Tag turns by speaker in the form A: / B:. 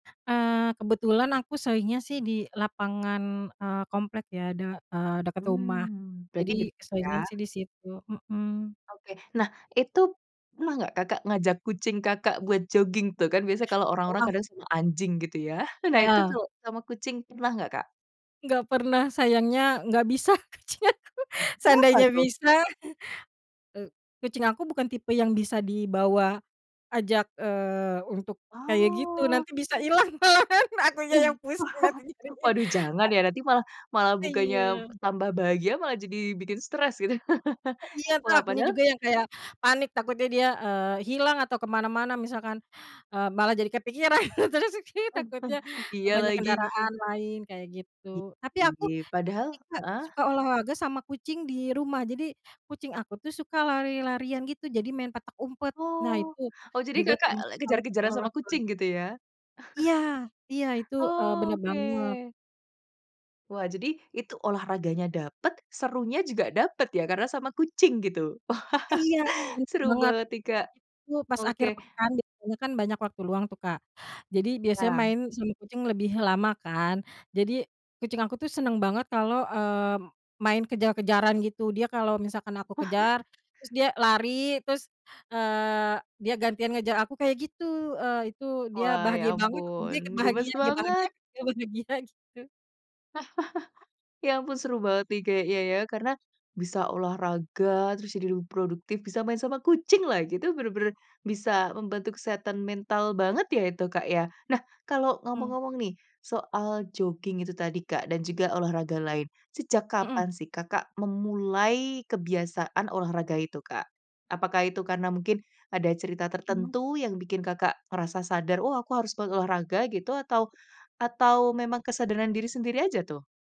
A: Eee, kebetulan aku seringnya sih di lapangan, eee, komplek ya de eee, dekat rumah,
B: Mmm, berarti
A: jadi
B: deket ya?
A: seringnya sih di situ, mmm.
B: Oke, nah itu pernah nggak Kakak ngajak kucing Kakak buat jogging tuh, kan biasanya kalau orang-orang
A: Wah.
B: kadang sama anjing gitu ya, nah itu
A: Iya.
B: tuh sama kucing pernah nggak, Kak?
A: Nggak pernah, sayangnya nggak bisa kucing aku,
B: Uh, kenapa
A: seandainya
B: tuh?
A: bisa, eee, kucing aku bukan tipe yang bisa dibawa ajak, eee, untuk kayak gitu,
B: Oh.
A: nanti bisa hilang malahan,
B: Ih,
A: akunya yang pusing nanti
B: wah.
A: cariin.
B: waduh
A: A
B: jangan ya nanti malah malah bukanya
A: Iya.
B: tambah bahagia malah jadi bikin stres itu.
A: Eh, iya tuh,
B: Wah,
A: akunya
B: padahal
A: juga yang kayak panik takutnya dia, eee, hilang atau ke mana-mana, misalkan, eee, malah jadi kepikiran terus aki takutnya
B: Iya
A: banyak
B: lagi.
A: kendaraan lain kayak gitu. Tapi
B: Gitu
A: aku
B: ya, padahal
A: ini, Kak,
B: heeh.
A: suka olahraga sama kucing di rumah, jadi kucing aku tuh suka lari-larian gitu jadi main petak umpet, nah
B: Oh.
A: itu
B: Oh, jadi
A: juga
B: Kakak
A: termasuk salah satu
B: kejar-kejaran sama kucing
A: olahraga.
B: gitu ya?
A: Iya iya itu, eee, bener banget.
B: Oke. Wah, jadi itu olahraganya dapet, serunya juga dapet ya karena sama kucing gitu.
A: Iya, bener
B: seru
A: banget.
B: banget nih, Kak.
A: Itu pas
B: Oke.
A: akhir pekan biasanya kan banyak waktu luang tuh, Kak. Jadi biasanya
B: Ya.
A: main sama kucing lebih lama kan, jadi kucing aku tuh seneng banget kalau, eee, main kejar-kejaran gitu, dia kalau misalkan aku kejar terus dia lari, terus, eee, dia gantian ngejar aku kayak gitu, eh, itu dia
B: Wah, ya
A: bahagia banget, dia
B: ampun
A: ikut
B: gemas
A: bahagia, dia bahagia
B: banget!
A: dia bahagia gitu.
B: Ya ampun seru banget nih kayaknya ya karena bisa olahraga, terus jadi lebih produktif bisa main sama kucing lagi, itu bener-bener bisa membantu kesehatan mental banget ya itu, Kak, ya. Nah kalau
A: Mhm.
B: ngomong-ngomong nih soal jogging itu tadi, Kak, dan juga olahraga lain, sejak
A: Mmm.
B: kapan sih Kakak memulai kebiasaan olahraga itu, Kak? Apakah itu karena mungkin ada cerita
A: Mhm.
B: tertentu yang bikin Kakak merasa sadar, "Oh, aku harus berolahraga," gitu atau atau memang kesadaran diri sendiri aja tuh?